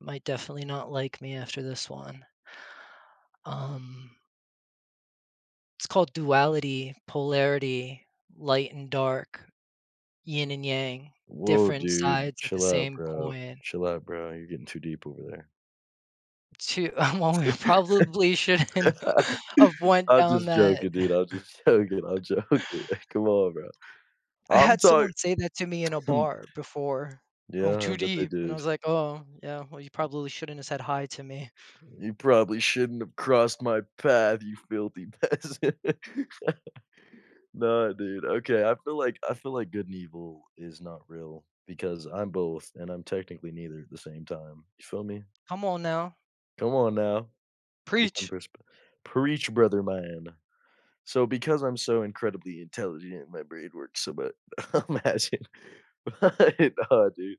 Might definitely not like me after this one. Um It's called "duality," "polarity," "light and dark," "yin and yang," Whoa, "different dude. sides of the Chill out same bro, coin." chill out bro, you're getting too deep over there. Too uh, well, we probably shouldn't have went I'm down just that. joking, dude. I'm just joking, I'm joking. Come on, bro. I I'm had sorry someone say that to me in a bar before, "Oh, Yeah, I too bet they deep." and I did. was like, "Oh, yeah, well, you probably shouldn't have said 'hi' to me." "You probably shouldn't have crossed my path, you filthy peasant." Nah, dude, okay. I feel like I feel like good and evil is not real because I'm both, and I'm technically neither at the same time, you feel me? Come on, now. Come on, now. Get them Preach! perspec preach, brother man. So, because I'm so incredibly intelligent, my brain works so but I'm asking Right on, dude.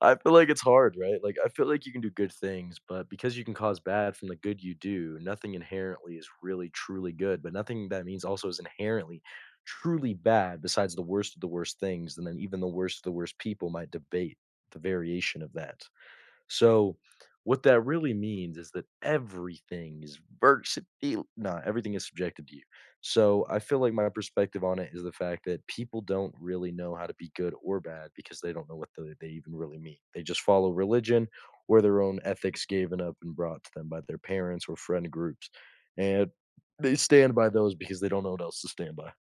I feel like it's hard, right? Like, I feel like you can do good things, but because you can cause bad from the good you do, nothing inherently is really truly good, but nothing that means also is inherently truly bad besides the worst of the worst things, and then even the worst of the worst people might debate the variation of that. So, what that really means is that everything is versatile no, everything is subjected to you. So, I feel like my perspective on it is the fact that people don't really know how to be good or bad because they don't know what the they even really mean. They just follow religion or their own ethics given up and brought to them by their parents or friend groups, and they stand by those because they don't know what else to stand by.